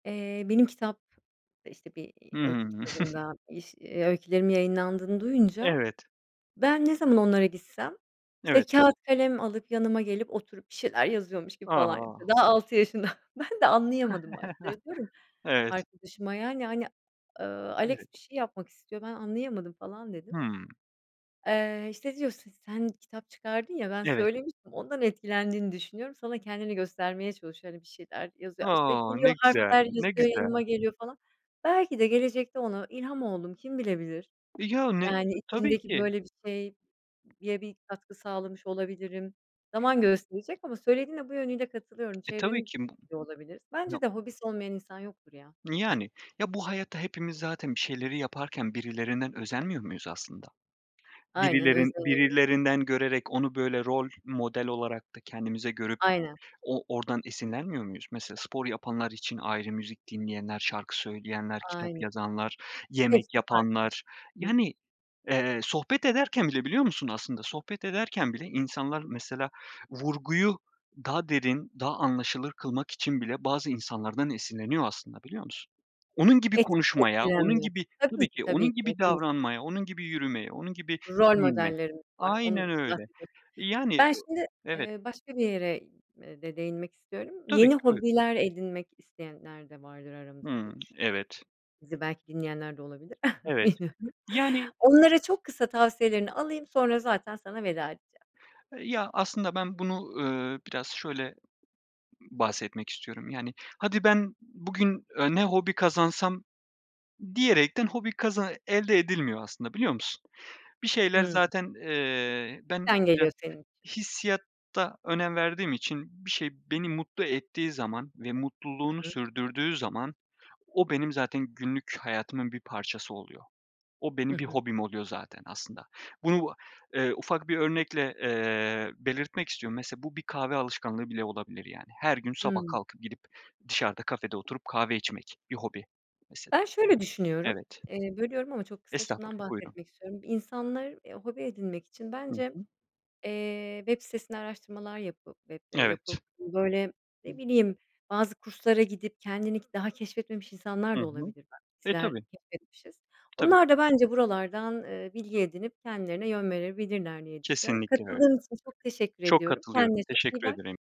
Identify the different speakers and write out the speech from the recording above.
Speaker 1: Eee, benim kitap, eee, işte, bir,
Speaker 2: Hı
Speaker 1: eee, öykü
Speaker 2: hı.
Speaker 1: kitabında iş eee, öykülerimin yayınlandığını duyunca,
Speaker 2: Evet.
Speaker 1: ben ne zaman onlara gitsem, işte,
Speaker 2: Evet.
Speaker 1: kâğıt, kalem alıp yanıma gelip oturup bir şeyler yazıyormuş gibi falan yapıyor.
Speaker 2: A!
Speaker 1: Daha 6 yaşında. Ben de anlayamadım baş [unintelligible]
Speaker 2: Evet.
Speaker 1: arkadaşıma yani, hani, "Iıı, Alex
Speaker 2: Evet.
Speaker 1: bir şey yapmak istiyor, ben anlayamadım." falan dedim.
Speaker 2: Hımm.
Speaker 1: Eee, işte diyor: "Si sen kitap çıkardın ya. Ben
Speaker 2: Ya evet.
Speaker 1: söylemiştim, ondan etkilendiğini düşünüyorum. Sana kendini göstermeye çalışıyor. Hani, bir şeyler yazıyor." İşte,
Speaker 2: O!
Speaker 1: geliyor,
Speaker 2: Ne güzel,
Speaker 1: harfler
Speaker 2: ne
Speaker 1: yazıyor, yanıma
Speaker 2: güzel.
Speaker 1: geliyor, falan. Belki de gelecekte ona ilham oldum, kim bilebilir?
Speaker 2: E, yani
Speaker 1: Yani
Speaker 2: T tabii
Speaker 1: içindeki
Speaker 2: ki.
Speaker 1: böyle bir şeye bir katkı sağlamış olabilirim. Zaman gösterecek ama söylediğine bu yönüyle katılıyorum.
Speaker 2: E, tabii
Speaker 1: Çevremiz
Speaker 2: ki bu
Speaker 1: yor olabilir. Bence
Speaker 2: No
Speaker 1: de hobisi olmayan insan yoktur ya.
Speaker 2: Yani. Ya, bu hayatta hepimiz zaten bir şeyleri yaparken birilerinden özenmiyor muyuz aslında?
Speaker 1: Aynen,
Speaker 2: Birilerin
Speaker 1: özeniyor.
Speaker 2: birilerinden görerek onu böyle rol model olarak da kendimize görüp
Speaker 1: Aynen.
Speaker 2: o oradan esinlenmiyor muyuz? Mesela spor yapanlar için ayrı; müzik dinleyenler, şarkı söyleyenler, kitap
Speaker 1: Aynen.
Speaker 2: yazanlar, yemek
Speaker 1: Hepsi farklı.
Speaker 2: yapanlar...
Speaker 1: Hı hı.
Speaker 2: Yani, eee, sohbet ederken bile biliyor musun aslında, sohbet ederken bile insanlar mesela vurguyu daha derin, daha anlaşılır kılmak için bile bazı insanlardan esinleniyor aslında, biliyor musun? Onun gibi
Speaker 1: Et
Speaker 2: konuşmaya, onun
Speaker 1: etkilenme.
Speaker 2: gibi
Speaker 1: Tabii
Speaker 2: Tabii
Speaker 1: ki,
Speaker 2: ki.
Speaker 1: tabii
Speaker 2: Onun
Speaker 1: ki.
Speaker 2: gibi
Speaker 1: Hepimiz.
Speaker 2: davranmaya, onun gibi yürümeye, onun gibi
Speaker 1: Rol
Speaker 2: giyinmeye
Speaker 1: modellerimiz var.
Speaker 2: Aynen
Speaker 1: Onu
Speaker 2: öyle.
Speaker 1: kastediyorsun.
Speaker 2: Eee, yani
Speaker 1: Ben şimdi,
Speaker 2: Evet.
Speaker 1: eee, başka bir yere, eee, de değinmek istiyorum.
Speaker 2: Tabii
Speaker 1: Yeni
Speaker 2: ki. Buyur.
Speaker 1: hobiler edinmek isteyenler de vardır aramızda
Speaker 2: Hımm.
Speaker 1: diye düşünüyorum.
Speaker 2: Evet.
Speaker 1: Bizi belki dinleyenler de olabilir.
Speaker 2: Evet.
Speaker 1: Bilmiyorum.
Speaker 2: Yani
Speaker 1: Onlara çok kısa tavsiyelerini alayım, sonra zaten sana veda edeceğim.
Speaker 2: Eee, ya, aslında ben bunu, ııı, biraz şöyle bahsetmek istiyorum. Yani, "Hadi, ben bugün, eee, ne hobi kazansam?" diyerekten hobi kaza elde edilmiyor aslında, biliyor musun? Bir şeyler
Speaker 1: Hımm.
Speaker 2: zaten, eee, ben
Speaker 1: İçten
Speaker 2: biraz
Speaker 1: geliyor senin için.
Speaker 2: hissiyata önem verdiğim için bir şey beni mutlu ettiği zaman ve mutluluğunu
Speaker 1: Hı hı.
Speaker 2: sürdürdüğü zaman, o benim zaten günlük hayatımın bir parçası oluyor. O
Speaker 1: Hı
Speaker 2: benim bir
Speaker 1: hı.
Speaker 2: hobim oluyor zaten aslında. Bunu a eee, ufak bir örnekle, eee, belirtmek istiyorum. Mesela bu bir kahve alışkanlığı bile olabilir, yani. Her gün sabah
Speaker 1: Hımm.
Speaker 2: kalkıp gidip dışarıda kafede oturup kahve içmek bir hobi mesela.
Speaker 1: Ben şöyle düşünüyorum.
Speaker 2: Evet.
Speaker 1: Eee, bölüyorum ama çok kısa şundan
Speaker 2: Estağfurullah, buyurun.
Speaker 1: bahsetmek istiyorum. İnsanlar, eee, hobi edinmek için
Speaker 2: Hı
Speaker 1: bence,
Speaker 2: hı.
Speaker 1: eee, web sitesinde araştırmalar yapıp web'de yapıp,
Speaker 2: Evet.
Speaker 1: böyle, ne
Speaker 2: Hı.
Speaker 1: bileyim, bazı kurslara gidip kendini ki daha keşfetmemiş
Speaker 2: I
Speaker 1: insanlar da
Speaker 2: hı.
Speaker 1: olabilir.
Speaker 2: E,
Speaker 1: Bizler
Speaker 2: tabii.
Speaker 1: keşfetmişiz.
Speaker 2: Tabii
Speaker 1: Onlar
Speaker 2: ki.
Speaker 1: da bence buralardan, eee, bilgi edinip kendilerine yön verebilirler diye düşünüyorum.
Speaker 2: Kesinlikle öyle.
Speaker 1: Katıldığın için çok teşekkür
Speaker 2: Çok
Speaker 1: ediyorum.
Speaker 2: katılıyorum,
Speaker 1: Kendine çok iyi
Speaker 2: teşekkür
Speaker 1: bak.
Speaker 2: ederim.